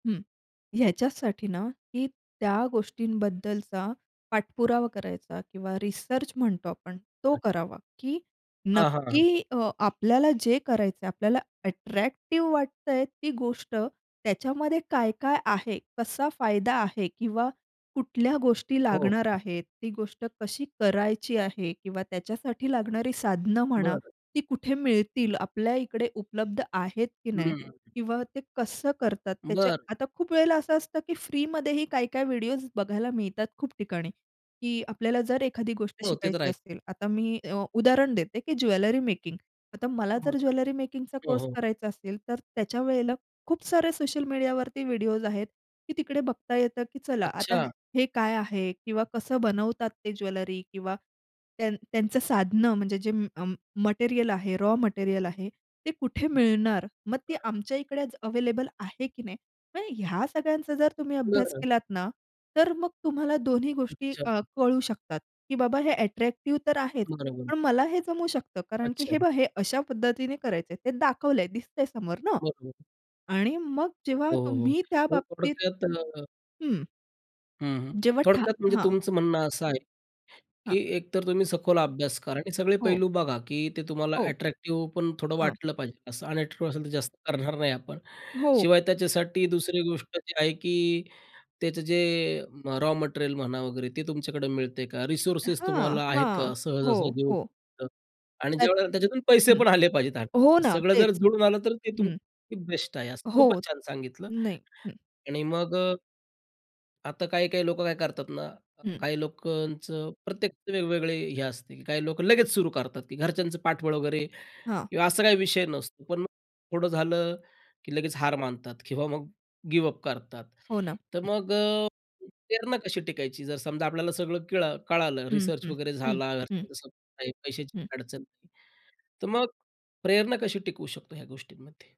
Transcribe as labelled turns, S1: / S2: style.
S1: हं, ह्याच्यासाठी ना, की त्या गोष्टींबद्दलचा पाठपुरावा करायचा किंवा रिसर्च म्हणतो आपण तो
S2: [unintelligible]
S1: करावा, की
S2: हां, हां, हां.
S1: नक्की अ, आपल्याला जे करायचं आपल्याला अट्रॅक्टिव्ह वाटतं आहे ती गोष्ट, त्याच्यामध्ये काय-काय आहे? कसा फायदा आहे? किंवा कुठल्या गोष्टी
S2: हो.
S1: लागणार
S2: हं.
S1: आहेत, ती गोष्ट कशी करायची आहे. किंवा त्याच्यासाठी लागणारी साधनं म्हणा.
S2: बरं.
S1: ती कुठे मिळतील? आपल्या ईकडे उपलब्ध आहेत, की नाही?
S2: हं.
S1: किंवा ते कसं करतात त्याच्या
S2: बरं.
S1: आता खूप वेळेला असं असतं, की फ्रीमध्येही काही-काही व्हिडिओज बघायला मिळतात खूप ठिकाणी, की आपल्याला जर एखादी गोष्ट
S2: हो. ते तर
S1: शिकायची
S2: आहेचं.
S1: असेल, आता मी अ, उदाहरण देते, की ज्वेलरी मेकिंग आता मला
S2: हो
S1: जर
S2: ना.
S1: ज्वेलरी मेकिंगचा
S2: हो,
S1: कोर्स
S2: हो.
S1: करायचा असेल, तर त्या वेळेला खूप सारे सोशल मीडियावरती व्हिडिओज आहेत, की तिकडे बघता येतं, की चला आता
S2: अच्छा.
S1: हे काय आहे? किंवा कसं बनवतात ते ज्वेलरी किंवा त्यां त्यांचं साधनं म्हणजे जे अं, मटेरिअल आहे, रॉ मटेरिअल आहे ते कुठे
S2: हं.
S1: मिळणार? मग ते
S2: हां.
S1: आमच्या इकडेच अवेलेबल आहे, की नाही? आणि ह्या सगळ्यांचा जर तुम्ही अभ्यास
S2: बरं.
S1: केलात ना, तर मग तुम्हाला दोन्ही गोष्टी
S2: अच्छा.
S1: अ, कळू शकतात, की बाबा हे अट्रॅक्टिव्ह तर आहेच,
S2: मार्बल.
S1: पण मला हे जमू शकतं. कारण की हे
S2: अच्छा.
S1: बघ हे अशा पद्धतीने करायचं आहे ते दाखवलं आहे, दिसतं आहे समोर ना.
S2: बरोबर.
S1: आणि मग जेव्हा
S2: हो, हो,
S1: तुम्ही त्या
S2: हो. हे
S1: बाबतीत
S2: प्रोडक्ट त्यात त्यानं
S1: हं.
S2: हं, हं.
S1: जेव्हा ठा
S2: थोडक्यात म्हणजे
S1: हां.
S2: तुमचं म्हणणं असं आहे,
S1: हां.
S2: की एकतर तुम्ही सखोल अभ्यास करा आणि सगळे
S1: हो.
S2: पैलू बघा, की ते तुम्हाला
S1: हो.
S2: अट्रॅक्टिव्ह पण थोडं
S1: हां.
S2: वाटलं पाहिजे असं अनॅट्रीव्ह असेल तर जास्त करणार नाही आपण.
S1: हो.
S2: शिवाय त्याच्यासाठी दुसरी गोष्ट जी आहे, की त्याचं जे रॉ मटेरियल म्हणा वगैरे ते तुमच्याकडे मिळते का? रिसोर्सेस
S1: हां,
S2: तुम्हाला आहे का
S1: हां. हो,
S2: सहजासहजी
S1: हो.
S2: उपब्ध आणि
S1: त्यात
S2: ज्यावेळेला त्याच्यातून पैसे
S1: हं.
S2: पण आले पाहिजेत त्यात.
S1: हो ना.
S2: सगळं जर
S1: तेच.
S2: जुळून आलं, तर ते तुम
S1: हं.
S2: बेस्ट आहे, असं
S1: हो.
S2: खूपच छान सांगितलं.
S1: नाही. हं.
S2: आणि मग अ, आता काही-काही लोकं काय करतात ना अ,
S1: हं.
S2: काही लोकांचं प्रत्येकचे वेगवेगळे हे असतील काही लोक लगेच सुरू करतात, की घरच्यांचं पाठबळ वगैरे
S1: हां.
S2: किंवा असा काही विषय नसतो. पण थोडं झालं, की लगेच हार मानतात किंवा मग गिव्हअप करतात.
S1: हो ना.
S2: तर
S1: हं.
S2: मग अ, प्रेरणा कशी टिकायची, जर समजा आपल्याला सगळं केळ कळालं
S1: हं,
S2: रिसर्च
S1: हं,
S2: वगैरे
S1: हं,
S2: झाला.
S1: हं.
S2: घरच्यांचा सपोर्ट आहे, पैशाची
S1: हं.
S2: पण काही अडचण नाही. तर मग, प्रेरणा कशी टिकू शकतो ह्या गोष्टींमध्ये?